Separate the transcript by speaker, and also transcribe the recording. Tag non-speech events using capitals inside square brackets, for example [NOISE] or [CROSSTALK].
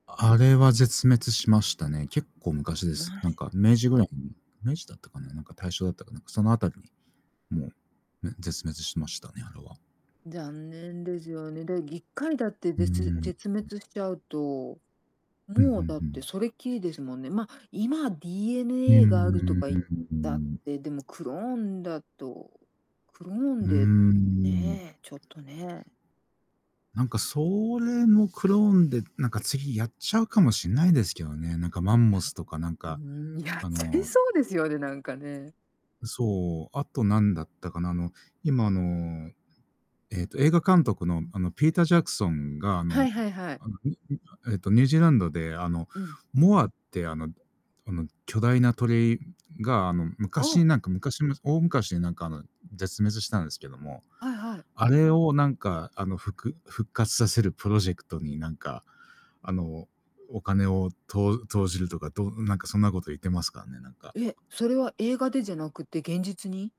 Speaker 1: あれは絶滅しましたね。結構昔です。
Speaker 2: ま。
Speaker 1: なんか、明治ぐらいに。明治だったかな、なんか大正だったかな、その辺りに、もう、め絶滅しましたね、あれは。
Speaker 2: 残念ですよね。で、1回だって、
Speaker 1: うーん、
Speaker 2: ぜつ
Speaker 1: うん。
Speaker 2: 絶滅しちゃうと、
Speaker 1: うんうん
Speaker 2: もう、だっ
Speaker 1: う
Speaker 2: て、
Speaker 1: ん。
Speaker 2: それっきりですもんね。まあ、今
Speaker 1: うー
Speaker 2: DNA があるとか言ったっ
Speaker 1: ん。[UNINTELLIGIBLE]
Speaker 2: て、でもクローンだと、クロー
Speaker 1: う
Speaker 2: ン
Speaker 1: ー
Speaker 2: で、
Speaker 1: ん。
Speaker 2: ねえ、ちょっとね。
Speaker 1: なんか、それもクローンで、なんか、次やっちゃうかもしんないですけどね。なんか、マンモスとかなん
Speaker 2: いや、
Speaker 1: か、
Speaker 2: うーん、やっ
Speaker 1: あ
Speaker 2: ちゃい
Speaker 1: の
Speaker 2: そうです
Speaker 1: [UNINTELLIGIBLE]
Speaker 2: よね、なんかね。
Speaker 1: そう。後なんだったかな。あの、今、あの、ええと、映画監督の、あの、ピーター・ジャクソンが、あ
Speaker 2: は
Speaker 1: の、
Speaker 2: いはいはい。
Speaker 1: あの、[UNINTELLIGIBLE] えっと、ニュージーランドで、あの、
Speaker 2: うん。
Speaker 1: モアって、あの、あの、巨大な鳥が、あの、
Speaker 2: お
Speaker 1: 昔、
Speaker 2: お。
Speaker 1: なんか、昔の大昔に、なんか、あの、絶滅したんですけども、
Speaker 2: はいはい。
Speaker 1: あれを、なんか、あの、ふく復活させるプロジェクトに、なんか、あの、お金をとう投じるとか、どなんか、そんな事言ってますからね、なんか。
Speaker 2: え？それは映画でじゃなくて現実に？